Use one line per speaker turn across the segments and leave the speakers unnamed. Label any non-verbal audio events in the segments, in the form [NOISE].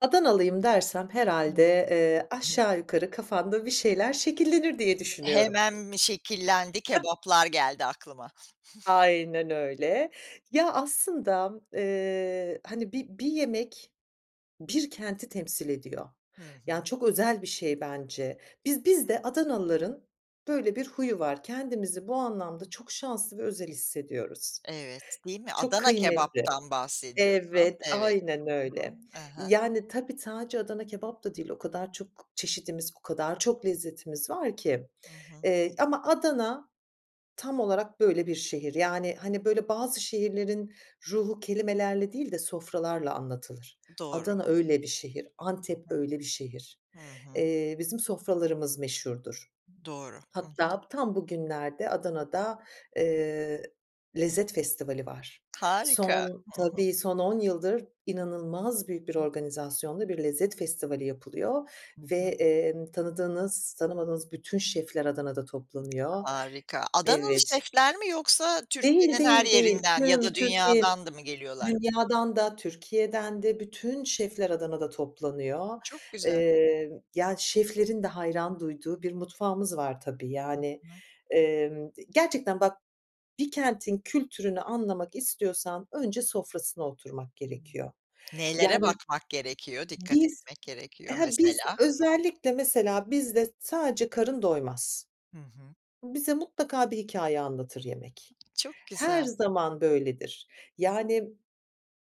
Adanalıyım dersem herhâlde, eee,
[UNINTELLIGIBLE]
aşağı yukarı kafanda bir şeyler şekillenir diye düşünüyorum.
Hemen mi şekillendi
[CHUCKLES]
kebaplar geldi aklıma. [GIGGLES]
Aynen öyle ya aslında, eee, hani bi bir yemek bir kenti temsil ediyor.
Hı
Yani,
hı.
çok özel bir şey bence. Biz biz
[UNINTELLIGIBLE]
de Adanalıların böyle bir huyu var. Kendimizi bu anlamda çok şanslı ve özel hissediyoruz.
Evet, değil mi?
Çok
Adana
kıymetli.
kebaptan bahsediyorsun.
Evet,
Evet.
aynen
Hı
öyle.
hı. Ehe.
Yani, tabii sadece Adana kebap da değil, o kadar çok çeşidimiz, o kadar çok lezzetimiz var ki,
Hı hı.
eee, ama Adana tam olarak böyle bir şehir. Yani, hani, böyle bazı şehirlerin ruhu kelimelerle değil de sofralarla anlatılır.
Doğru.
Adana öyle bir şehir, Antep öyle bir şehir.
Hı hı. Hı hı.
Eee, bizim sofralarımız meşhurdur.
Doğru, hı hı.
Hatta tam bugünlerde Adana'da, eee, lezzet festivali var.
Harika.
Son,
Hı hı.
tabii son on yıldır inanılmaz büyük bir
Hıh.
organizasyonla bir lezzet festivali yapılıyor
Hı
ve,
hı.
emm, tanıdığınız tanımadığınız bütün şefler Adana'da toplanıyor.
Harika. Adanalı
Evet.
şefler mi yoksa
Değil,
Türkiye'nin her
değil, değil.
yerinden ya
Tüm
da
Türkiye
dünyadan da mı geliyorlar?
dünyadan da Türkiye'den de bütün şefler Adana'da toplanıyor,
Çok güzel.
emm, yani şeflerin de hayran duyduğu bir mutfağımız var tabii
Hı
yani,
hı.
emm, gerçekten bak, bir kentin kültürünü anlamak istiyorsan önce sofrasına oturmak
Hıı.
gerekiyor.
Neylere
Yani
bakmak gerekiyor, dikkat
biz,
etmek gerekiyor
he, biz
mesela?
özellikle mesela bizde sadece karın doymaz.
Hı hı.
Bize mutlaka bir hikâye anlatır yemek.
Çok
Her
güzel.
zaman böyledir. Yani,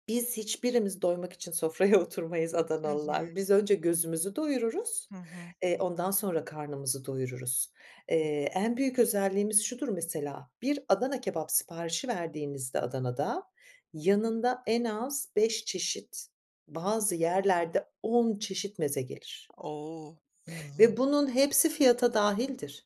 biz hiçbirimiz doymak için sofraya oturmayız
Hı hı.
Adanalılar. Biz önce gözümüzü doyururuz,
Hı hı.
eee, ondan sonra karnımızı doyururuz. Eee, en büyük özelliğimiz şudur mesela, bir Adana kebap siparişi verdiğinizde Adana'da, yanında en az beş çeşit, bazı yerlerde on çeşit meze gelir.
O! Hı
Ve
hı.
bunun hepsi fiyata dahildir.